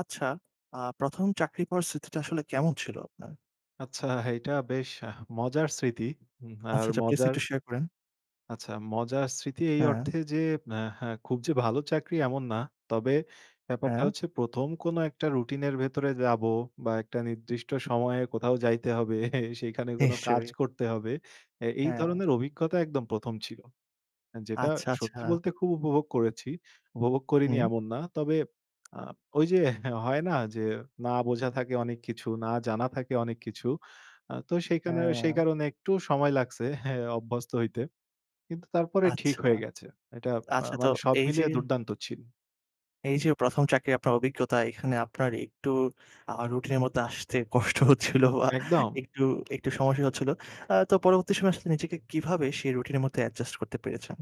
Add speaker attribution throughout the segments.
Speaker 1: আচ্ছা, আ ১ম চাকরি পাওয়ার স্মৃতিটা আসলে কেমন ছিল আপনার?
Speaker 2: আচ্ছা, এইটা বেশ আহ মজার স্মৃতি। হু,
Speaker 1: আচ্ছা,
Speaker 2: আর
Speaker 1: আচ্ছা। please,
Speaker 2: মজার
Speaker 1: একটু শেয়ার করেন।
Speaker 2: আচ্ছা, মজার স্মৃতি এই
Speaker 1: হ্যাঁ।
Speaker 2: অর্থে যে, আ হা খুব যে ভালো চাকরি এমন না। তবে, ব্যাপারটা
Speaker 1: হ্যাঁ।
Speaker 2: হচ্ছে ১ম কোনো একটা রুটিনের ভেতরে যাবো বা একটা নির্দিষ্ট সময়ে কোথাও যাইতে হবে। সেইখানে কোনো কাজ
Speaker 1: নিশ্চয়ই।
Speaker 2: করতে হবে। এ এই
Speaker 1: হ্যাঁ।
Speaker 2: ধরনের অভিজ্ঞতা একদম ১ম ছিল। এ যেটা
Speaker 1: আচ্ছা,
Speaker 2: সত্যি
Speaker 1: আচ্ছা।
Speaker 2: বলতে খুব উপভোগ করেছি। উপভোগ করিনি
Speaker 1: হুম।
Speaker 2: এমন না। তবে আ ওইযে হয় না যে? না বোঝা থাকে অনেক কিছু, না জানা থাকে অনেক কিছু। আ তো সেই কানে সেই
Speaker 1: অ্য
Speaker 2: কারণে একটু সময় লাগছে হ্যাঁ, অভ্যস্ত হইতে। কিন্তু তারপরে
Speaker 1: আচ্ছা,
Speaker 2: ঠিক হয়ে গেছে। এটা আ
Speaker 1: আচ্ছা তো
Speaker 2: মানে সব
Speaker 1: এইযে
Speaker 2: মিলিয়ে দুর্দান্ত ছিল।
Speaker 1: এই যে ১ম চাকরি আপনার অভিজ্ঞতা এখানে আপনার একটু আ রুটিনের মধ্যে আসতে কষ্ট হচ্ছিল আ
Speaker 2: একদম।
Speaker 1: একটু একটু সমস্যাই হচ্ছিল। আ তো পরবর্তী সময়ে আসলে নিজেকে কিভাবে সেই রুটিনের মধ্যে অ্যাডজাস্ট করতে পেরেছেন?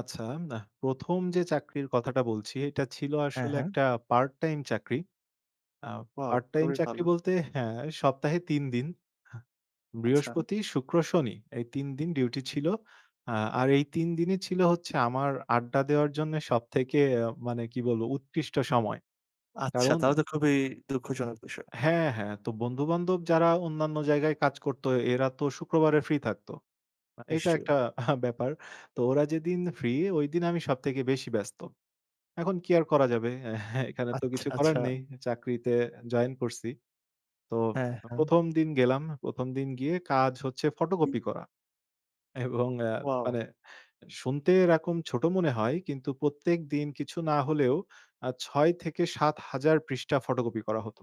Speaker 2: আচ্ছা, নাহ। ১ম যে চাকরির কথাটা বলছি এটা ছিল
Speaker 1: হ্যাঁ,
Speaker 2: আসলে
Speaker 1: হ্যাঁ।
Speaker 2: একটা পার্ট টাইম চাকরি। আ
Speaker 1: ওয়াও!
Speaker 2: পার্ট টাইম
Speaker 1: খুবই
Speaker 2: চাকরি
Speaker 1: ভালো।
Speaker 2: বলতে, হ্যাঁ, সপ্তাহে ৩ দিন। আ
Speaker 1: আচ্ছা।
Speaker 2: বৃহস্পতি, শুক্র, শনি এই ৩ দিন ডিউটি ছিল। আ আর এই ৩ দিনই ছিল হচ্ছে আমার আড্ডা দেওয়ার জন্যে সবথেকে আ মানে কি বলবো? উৎকৃষ্ট সময়।
Speaker 1: আচ্ছা,
Speaker 2: কারণ
Speaker 1: তাহলে তো খুবই দুঃখজনক বিষয়।
Speaker 2: হ্যাঁ, হ্যাঁ। তো বন্ধু-বান্ধব যারা অন্যান্য জায়গায় কাজ করত এরাতো শুক্রবারে ফ্রি থাকতো। আ এটা
Speaker 1: নিশ্চয়ই।
Speaker 2: একটা ব্যাপার। তো ওরা যেদিন ফ্রি ঐদিন আমি সবথেকে বেশি ব্যস্ত। এখন কি আর করা যাবে? হ্যাঁ, এখানে তো
Speaker 1: আচ্ছা,
Speaker 2: কিছু করার
Speaker 1: আচ্ছা।
Speaker 2: নেই। চাকরিতে জয়েন করছি। তো
Speaker 1: হ্যাঁ, হ্যাঁ।
Speaker 2: ১ম দিন গেলাম। ১ম দিন গিয়ে কাজ হচ্ছে ফটোকপি করা। এবং আ
Speaker 1: ওয়াও!
Speaker 2: মানে, শুনতে এরকম ছোট মনে হয় কিন্তু প্রত্যেকদিন কিছু না হলেও আ ৬-৭,০০০ পৃষ্ঠা ফটোকপি করা হত।